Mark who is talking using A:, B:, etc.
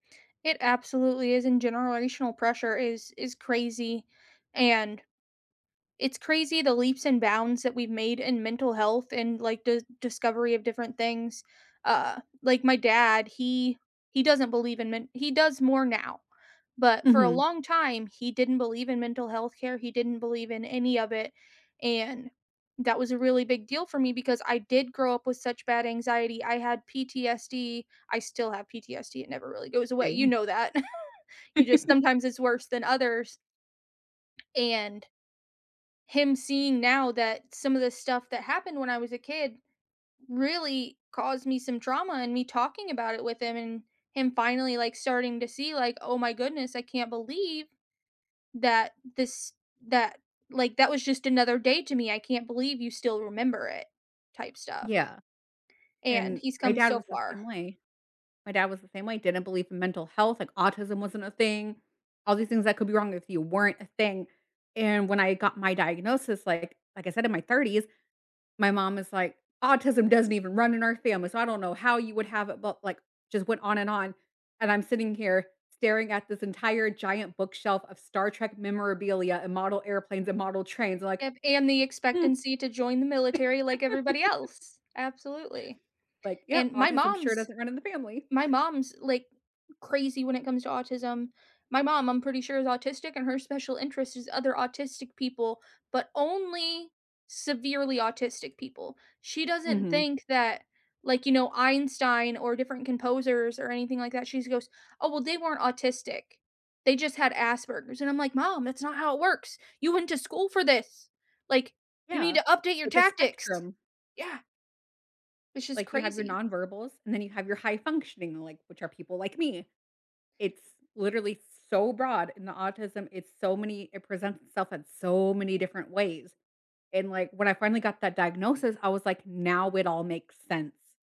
A: It absolutely is, and generational pressure is is crazy. And it's crazy the leaps and bounds that we've made in mental health, and like the discovery of different things. Uh, like my dad, he he doesn't believe in men he does more now, but for a
B: Mhm.
A: long time, he didn't believe in mental health care. He didn't believe in any of it, and that was a really big deal for me because I did grow up with such bad anxiety. I had PTSD. I still have PTSD. It never really goes away. You
B: Same.
A: know that. You just sometimes it's worse than others. And him seeing now that some of the stuff that happened when I was a kid really caused me some trauma and me talking about it with him and him finally like starting to see like, "Oh my goodness, I can't believe that this that, like, that was just another day to me. I can't believe you still remember it," type stuff.
B: Yeah.
A: And,
B: And
A: he's
B: my
A: come
B: dad
A: so
B: was the
A: far.
B: same way. My dad was the same way, didn't believe in mental health, like, autism wasn't a thing. All these things that could be wrong with you weren't a thing. And when I got my diagnosis, like like I said, in my 30s, my mom is like, "Autism doesn't even run in our family, so I don't know how you would have it," but like, just went on and on, and I'm sitting here staring at this entire giant bookshelf of Star Trek memorabilia and model airplanes and model trains like,
A: If and the
B: "Hmm."
A: expectancy to join the military like everybody else absolutely.
B: Like,
A: And
B: "Yep,
A: my
B: autism sure
A: mom's
B: doesn't run in the family."
A: my mom's, like, crazy when it comes to autism. My mom, I'm pretty sure is autistic and her special interest is other autistic people, but only severely autistic people. She doesn't
B: Mhm.
A: think that like, you know, Einstein or different composers or anything like that she goes, "Oh, well, they weren't autistic. They just had Asperger's," and I'm like, "Mom, that's not how it works. You went to school for this. Like, you need
B: Yeah.
A: to update your
B: It's a
A: tactics."
B: spectrum.
A: Yeah! Which is
B: Like you have your
A: crazy.
B: nonverbals, and then you have your high functioning, like which are people like me. It's literally so broad in the autism. It's so many it presents itself in so many different ways, and like, when I finally got that diagnosis, I was like, "Now it all makes sense."